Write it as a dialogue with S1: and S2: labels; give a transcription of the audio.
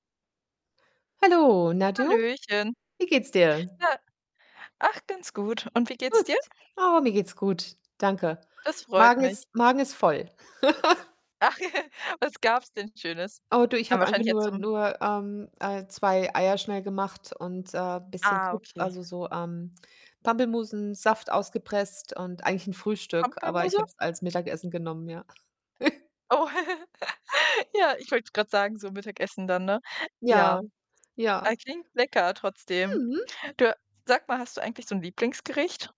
S1: Hallo Na, du?
S2: Hallöchen.
S1: Wie geht's dir?
S2: Na ach, ganz gut, und wie geht's dir?
S1: Gut. Oh, mir geht's gut. Danke.
S2: Das freut
S1: Magen
S2: mich.
S1: ist Magen ist voll.
S2: Ach, was gab's denn Schönes?
S1: Oh, du, ich
S2: Dann
S1: habe einfach
S2: wahrscheinlich jetzt
S1: nur
S2: zum
S1: nur, ähm, äh, 2 Eier schnell gemacht und, äh, bisschen
S2: Ah,
S1: [unintelligible]
S2: okay.
S1: also, so, ähm, Pampelmusensaft ausgepresst und eigentlich 'n Frühstück, aber ich
S2: Pampelmuse?
S1: habe es als Mittagessen genommen, ja.
S2: Oh, ja, ich wollte grad sagen, so Mittagessen dann, ne? Ja,
S1: Ja,
S2: ah,
S1: ja.
S2: klingt lecker trotzdem.
S1: Mhm.
S2: Du, sag mal, hast du eigentlich so 'n Lieblingsgericht?